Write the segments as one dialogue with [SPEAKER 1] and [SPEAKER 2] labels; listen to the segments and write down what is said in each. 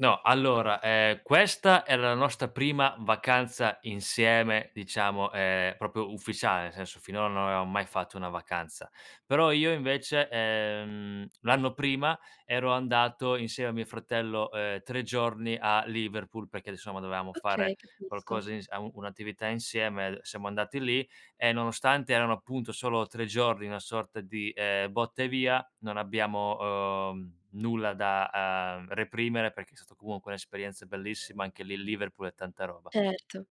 [SPEAKER 1] No, allora, ehm, questa era la nostra prima vacanza insieme, diciamo, ehm, proprio ufficiale, nel senso finora non avevamo mai fatto una vacanza. Però io invece, ehm, l'anno prima, ero andato insieme a mio fratello, uhm, 3 giorni a Liverpool, perché insomma dovevamo fare
[SPEAKER 2] Okay, capisco.
[SPEAKER 1] qualcosa ins au un'attività insieme, siamo andati lì e nonostante erano appunto solo 3 giorni, una sorta di, ehm, botta e via, non abbiamo, uhm, nulla da, uhm, reprimere perché è stato comunque un'esperienza bellissima, anche lì Liverpool è tanta roba.
[SPEAKER 2] Certo,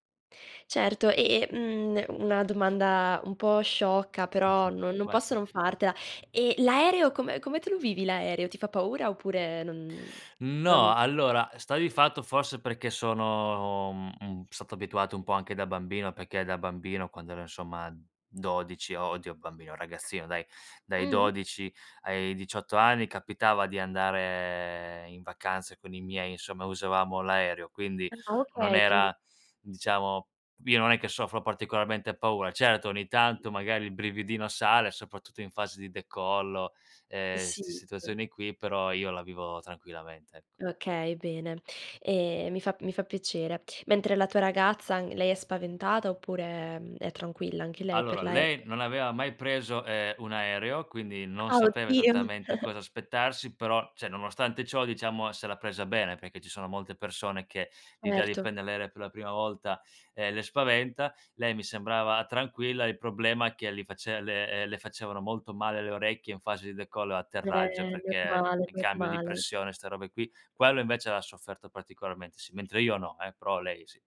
[SPEAKER 2] certo. E e, mhmm, una domanda un po' sciocca, però no non
[SPEAKER 1] Vai.
[SPEAKER 2] posso non fartela. Eh, l'aereo come come te lo vivi l'aereo? Ti fa paura oppure non
[SPEAKER 1] No,
[SPEAKER 2] non
[SPEAKER 1] allora, eh, sta di fatto, forse, perché sono, mhmm, m stato abituato un po' anche da bambino, perché da bambino, quando ero insomma 12 o oddio, bambino ragazzino dai, dai
[SPEAKER 2] Mh-mh.
[SPEAKER 1] 12 ai 18 anni capitava di andare in vacanza con i miei, insomma, usavamo l'aereo, quindi
[SPEAKER 2] Ah
[SPEAKER 1] non
[SPEAKER 2] okay, quindi
[SPEAKER 1] era, diciamo io non è che soffro particolarmente paura. Certo, ogni tanto magari il brividino sale, soprattutto in fase di decollo, ehm,
[SPEAKER 2] Sì,
[SPEAKER 1] st
[SPEAKER 2] sì.
[SPEAKER 1] situazioni qui, però io la vivo tranquillamente, ecco.
[SPEAKER 2] Okay, bene. Ehm, mi fa mi fa piacere. Mentre la tua ragazza, n lei è spaventata oppure, mhmm, è tranquilla anche lei, per
[SPEAKER 1] Allora,
[SPEAKER 2] l'aereo?
[SPEAKER 1] lei non aveva mai preso, uhm, un aereo, quindi non
[SPEAKER 2] Ah,
[SPEAKER 1] sapeva
[SPEAKER 2] oddio.
[SPEAKER 1] esattamente cosa aspettarsi, però cioè nonostante ciò, diciamo, se l'ha presa bene, perché ci sono molte persone che, l'idea di
[SPEAKER 2] Erto.
[SPEAKER 1] prender l'aereo per la prima volta, ehm, le spaventa. Lei mi sembrava tranquilla, il problema è che li face le ehm, le facevano molto male le orecchie in fase di decollo e atterraggio,
[SPEAKER 2] Eh,
[SPEAKER 1] perché
[SPEAKER 2] normale,
[SPEAKER 1] in cambio di
[SPEAKER 2] normale.
[SPEAKER 1] pressione ste robe qui, quello invece l'ha sofferto particolarmente, sì, mentre io no, eh, però lei sì.